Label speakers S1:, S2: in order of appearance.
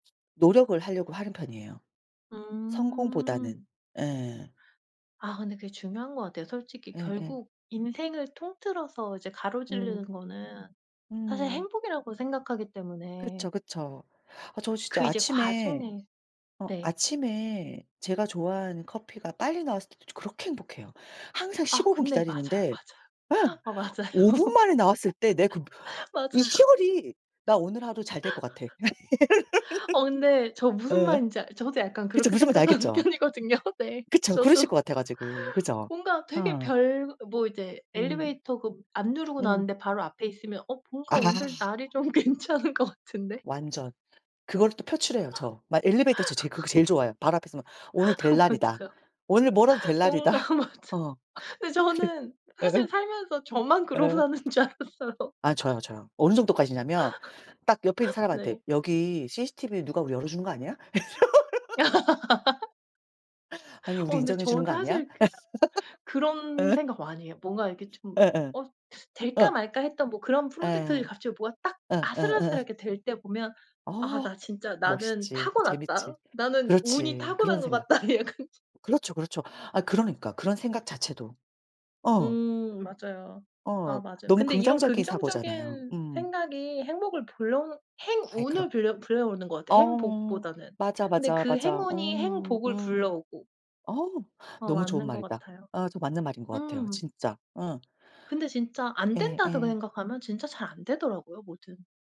S1: 노력을 하려고 하는 편이에요 성공보다는.
S2: 음.
S1: 예.
S2: 아 근데 그게 중요한 것 같아요. 솔직히
S1: 예예.
S2: 결국 인생을 통틀어서 이제 가로지르는
S1: 음.
S2: 거는 사실
S1: 음.
S2: 행복이라고 생각하기 때문에
S1: 그렇죠, 그쵸. 저 진짜
S2: 그 이제
S1: 아침에
S2: 과정에
S1: 어
S2: 네.
S1: 아침에 제가 좋아하는 커피가 빨리 나왔을 때도 저 그렇게 행복해요. 항상
S2: 아
S1: 15 분
S2: 근데 맞아요,
S1: 기다리는데
S2: 맞아요.
S1: 예
S2: 어 맞아요.
S1: 5 분 만에 나왔을 때 내 그 이
S2: 맞아요.
S1: 시골이 '나 오늘 하루 잘 될 것 같아.'
S2: 어 근데 저 무슨
S1: 이런. 예.
S2: 말인지 알 저도 약간
S1: 그쵸.
S2: 그렇게
S1: 무슨 말인지
S2: 생각하는
S1: 알겠죠?
S2: 편이거든요. 네.
S1: 그쵸. 그러실 것
S2: 저도
S1: 같아 가지고. 그죠?
S2: 뭔가 되게
S1: 어.
S2: 별 뭐 이제
S1: 음.
S2: 엘리베이터 그 안 누르고
S1: 음.
S2: 나왔는데 바로 앞에 있으면 '어 뭔가
S1: 아.
S2: 오늘 날이 좀 괜찮은 것 같은데.'
S1: 완전. 그거를 또 표출해요 저. 막 엘리베이터에서 제일 그거 제일 좋아해요. 바로 앞에서 있으면 '오늘
S2: 어
S1: 될 날이다.
S2: 맞아요.
S1: 오늘 뭐라도 될
S2: 뭔가
S1: 날이다.'
S2: 맞아.
S1: 어.
S2: 근데
S1: 그러
S2: 저는
S1: 예.
S2: 사실 살면서 저만 그러고
S1: 예.
S2: 사는 줄 알았어요.
S1: 아 저요, 저요. 어느 정도 까지냐면 딱 옆에 있는 사람한테
S2: 네.
S1: "여기 CCTV로 누가 우리 열어주는 거 아니야?" 이러 "아니
S2: 어
S1: 우리
S2: 근데
S1: 인정해 주는
S2: 저도
S1: 거 아니야?"
S2: 사실 그런
S1: 예.
S2: 생각 많이 해요. 뭔가 이렇게 좀
S1: 예예.
S2: 어 될까
S1: 어.
S2: 말까 했던 뭐 그런
S1: 예.
S2: 프로젝트들이 갑자기 뭐가 딱
S1: 예 예 어.
S2: 아슬아슬하게 될 때 보면
S1: 어
S2: '아 나 진짜 나는
S1: 멋있지. 그 재밌지.
S2: 타고났다. 나는 운이
S1: 그렇지 그런
S2: 타고난 것
S1: 생각.
S2: 같다.' 약간
S1: 그렇죠, 그렇죠. 아 그러니까 그런 생각 자체도. 어.
S2: 음 맞아요.
S1: 어.
S2: 아 맞아요.
S1: 너무
S2: 근데 이런
S1: 긍정적인 사고잖아요.
S2: 긍정적인
S1: 음
S2: 생각이 행복을 불러오는
S1: 아이 그럼.
S2: 행운을 불려 불러오는 것 같아
S1: 어
S2: 행복보다는.
S1: 맞아,
S2: 근데
S1: 맞아,
S2: 그
S1: 맞아. 어
S2: 행운이 행복을
S1: 음.
S2: 불러오고.
S1: 어
S2: 어
S1: 너무 좋은
S2: 맞는 것
S1: 말이다.
S2: 같아요.
S1: 아 저 맞는 말인 것 같아요
S2: 음.
S1: 진짜. 음.
S2: 근데 진짜 안 된다서그
S1: 예예.
S2: 생각하면 진짜 잘 안 되더라고요 뭐든.